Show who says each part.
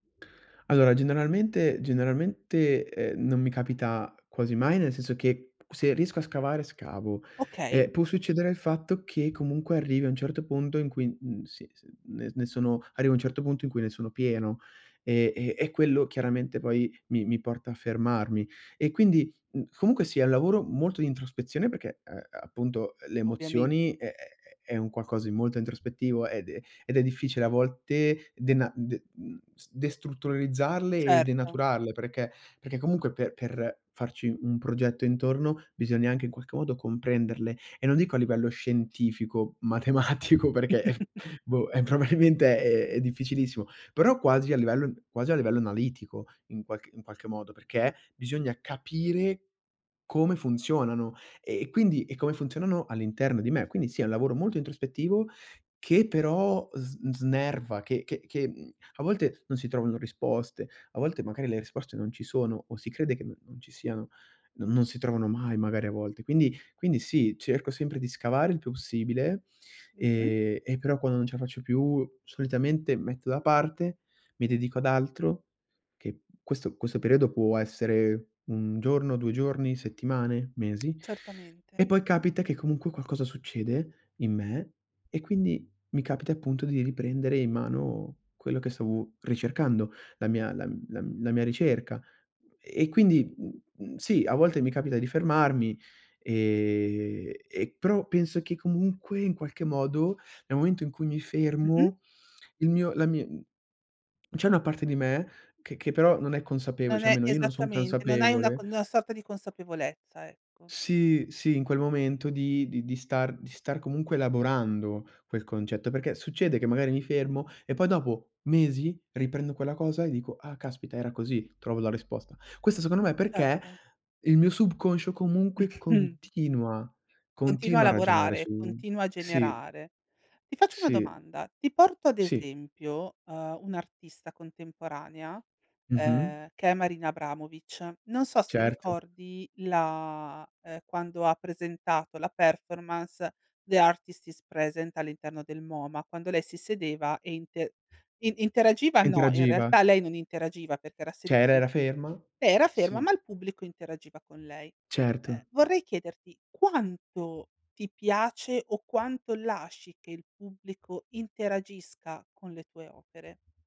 Speaker 1: Allora, generalmente generalmente, eh, non mi capita quasi mai, nel senso che se riesco a scavare, scavo.
Speaker 2: Okay.
Speaker 1: Eh, può succedere il fatto che comunque arrivi a un certo punto in cui, mhmm, si s n ne sono arrivi a un certo punto in cui ne sono pieno. Eh, e e quello chiaramente poi mi mi porta a fermarmi. E quindi, mhmm, comunque sia è un lavoro molto di introspezione perché, eh, appunto le
Speaker 2: Ovviamente.
Speaker 1: emozioni è è è un qualcosa di molto introspettivo ed è ed è difficile a volte dena de mhmm, destrutturalizzarle e
Speaker 2: Certo.
Speaker 1: denaturarle, perché? Perché comunque pe per farci un progetto intorno bisogna anche in qualche modo comprenderle e non dico a livello scientifico, matematico perché boh, eh, probabilmente è è difficilissimo, però quasi a livello quasi a livello analitico, in qualc in qualche modo, perché bisogna capire come funzionano e quindi e come funzionano all'interno di me. Quindi sì è un lavoro molto introspettivo che però sn snerva, che che che mhmm, a volte non si trovano risposte, a volte magari le risposte non ci sono o si crede che n non ci siano, non non si trovano mai magari a volte. Quindi quindi sì, cerco sempre di scavare il più possibile,
Speaker 2: Mh-mh.
Speaker 1: ehm, e però quando non ce la faccio più, solitamente metto da parte, mi dedico ad altro, che questo questo periodo può essere 1 giorno, 2 giorni, settimane, mesi,
Speaker 2: Certamente.
Speaker 1: e poi capita che comunque qualcosa succede in me e quindi mi capita appunto di riprendere in mano quello che stavo ricercando, la mia la m la mia ricerca. E quindi, mh, mh, sì, a volte mi capita di fermarmi e e però penso che comunque in qualche modo, nel momento in cui mi
Speaker 2: Mh-mh.
Speaker 1: fermo, il mio la mi c'è una parte di me che che però non è consapevole,
Speaker 2: Non
Speaker 1: cioè
Speaker 2: è
Speaker 1: almeno io non son
Speaker 2: esattamente, non hai una c
Speaker 1: consapevole
Speaker 2: una sorta di consapevolezza, ecco.
Speaker 1: Sì, sì, in quel momento di di di star di star comunque elaborando quel concetto, perché succede che magari mi fermo e poi dopo mesi riprendo quella cosa e dico: "Ah caspita, era così", trovo la risposta. Questo secondo me perché
Speaker 2: Certo.
Speaker 1: il mio subconscio comunque
Speaker 2: Mh-mh.
Speaker 1: continua
Speaker 2: Continua a
Speaker 1: continua a ragionare
Speaker 2: lavorare,
Speaker 1: su
Speaker 2: continua a
Speaker 1: sì.
Speaker 2: generare. Ti faccio una
Speaker 1: Sì,
Speaker 2: domanda, ti porto ad
Speaker 1: sì.
Speaker 2: esempio, ehm, un'artista contemporanea,
Speaker 1: Mh-mh.
Speaker 2: ehm, che è Marina Abramovic. Non so se
Speaker 1: Certo.
Speaker 2: ricordi la, ehm, quando ha presentato la performance "The Artist is Present" all'interno del MOMA, quando lei si sedeva e inte i interagiva no, in
Speaker 1: Interagiva.
Speaker 2: realtà lei non interagiva perché era se
Speaker 1: C'era,
Speaker 2: lei
Speaker 1: era ferma
Speaker 2: era ferma,
Speaker 1: sì.
Speaker 2: ma il pubblico interagiva con lei.
Speaker 1: Certo.
Speaker 2: Eh, vorrei chiederti quanto ti piace o quanto lasci che il pubblico interagisca con le tue opere?